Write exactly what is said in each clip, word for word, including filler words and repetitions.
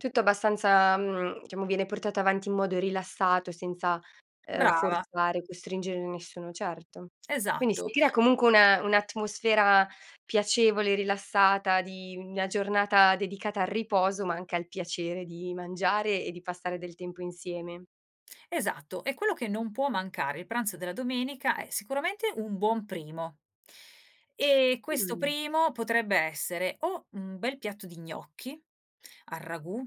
Tutto abbastanza, mhmm, diciamo, viene portato avanti in modo rilassato, senza, ehm, Brava. forzare, costringere nessuno, certo. Quindi, si Esatto. crea comunque una un'atmosfera piacevole, rilassata, di una giornata dedicata al riposo, ma anche al piacere di mangiare e di passare del tempo insieme. Esatto, e quello che non può mancare, il pranzo della domenica è sicuramente un buon primo. E questo Mh. primo, potrebbe essere: o un bel piatto di gnocchi, al ragù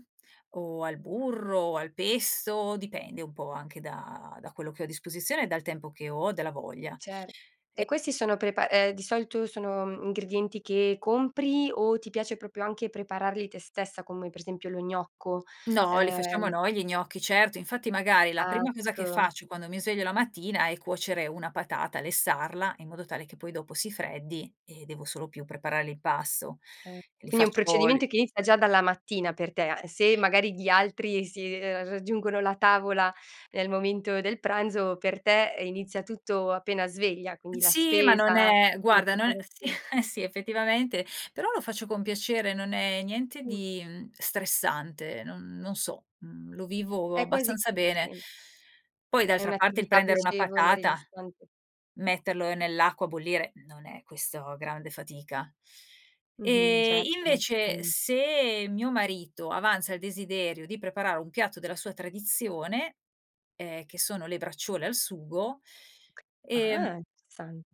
o al burro o al pesto, dipende un po' anche da da quello che ho a disposizione e dal tempo che ho, dalla voglia, Cer e e questi sono prepa eh di solito sono, uhm, ingredienti che compri, o ti piace propio anche prepararli te stessa, come per esempio lo gnocco, No, li facciamo ehm noi, gli gnocchi, certo. Infatti, magari, la prima cosa che acco. faccio quando mi sveglio la mattina è cuocere una patata, lessarla in modo tale che poi, dopo, si freddi e devo solo più preparare l'impasto. Eh, Li quindi è un faccio, l procedimento che inizia già dalla mattina per te. Se magari gli altri si ehm, raggiungono la tavola nel momento del pranzo, per te, ehm, inizia tutto appena sveglia, quindi la Sì, ma spesa, non è la guarda non è si, preparazio eh sì effettivamente, però lo faccio con piacere, non è niente Mh. di stressante, non non so, mhmm, lo vivo È quasi abbastanza bene sì. Poi È d'altra parte il un'attività prendere una piacevole, patata, rilassante. metterlo nell'acqua a bollire, non è questo grande fatica. Mh-mh, E, certo, basta invece, poi se mio marito avanza il desiderio di preparare un piatto della sua tradizione, ehm, che sono le braciole al sugo, ehm Ah! Interessante.